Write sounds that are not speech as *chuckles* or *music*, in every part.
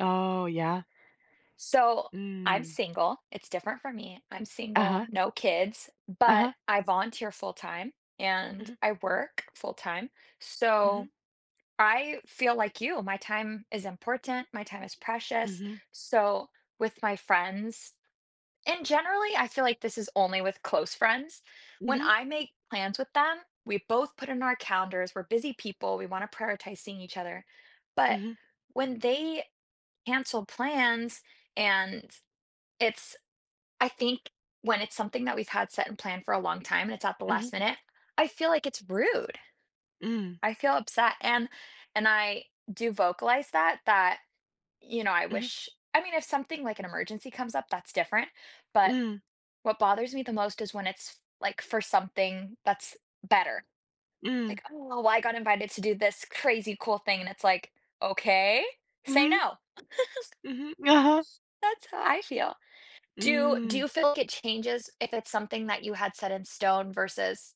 Oh, yeah. So, I'm Mm. single. It's different for me, I'm single, Uh-huh. no kids, but Uh-huh. I volunteer full time and Mhm. I work full time. So, Mhm. I feel like you, my time is important. My time is precious, Mhm. so, with my friends and generally, I feel like this is only with close friends, when Mhm. I make plans with them, we both put in our calendars. We're busy people, we want to prioritize seeing each other, but, Mhm. when they cancel plans, and it's I think when it's something that we've had set and planned for a long time and it's at the Mhm. last minute, I feel like it's rude. Mm. I feel upset and and I do vocalize that, that, you know, I Mhm. wish I mean, if something like an emergency comes up, that's different, but, Mm. what bothers me the most is when it's f like, for something that's better. Mm. Like, "Oh, I got invited to do this crazy cool thing," and it's, like, "Okay, say Mhm. no." *chuckles* Mhm. Uh-huh. That's how I feel. Do do Mm. you feel like it changes if it's something that you had set in stone versus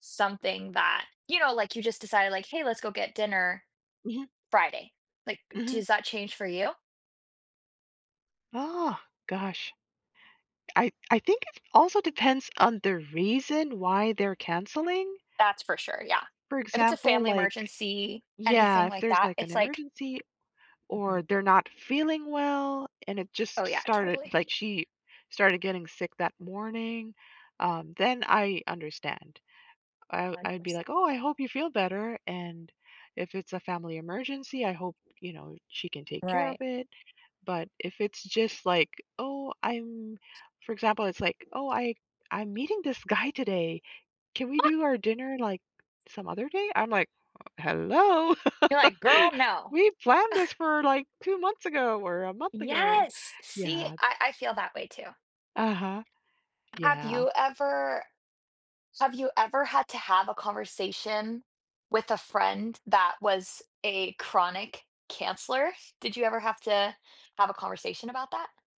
something that, you know, like, you just decided, like, "Hey, let's go get dinner Mhm. Friday." Like, Mhm. does that change for you? Oh, gosh. I I think it also depends on the reason why they're canceling. That's for sure, yeah. For If it's a example, family like emergency, yeah, anything if like there's, that, like, an it's, like emergency Mhm. or they're not feeling well and it Oh, just yeah, started, totally. like, she started getting sick that morning, um, then I understand. I one I'd be, like, percent. "Oh, I hope you feel better." And If it's a family emergency, I hope you know she can take care of Right. it, but if it's just, like, "Oh, I'm" For example, it's like, "Oh, I I'm meeting this guy today, can we What do our dinner, like, some other day?" I'm like "Hello You're, like, "Girl, *chuckles* no." we planned this *scoffs* for, like, 2 months ago or a month ago." Yes. See, Yeah. I I feel that way too. Uh-huh. Have Yeah. you ever have you ever had to have a conversation with a friend that was a chronic canceler? Did you ever have to have a conversation about that?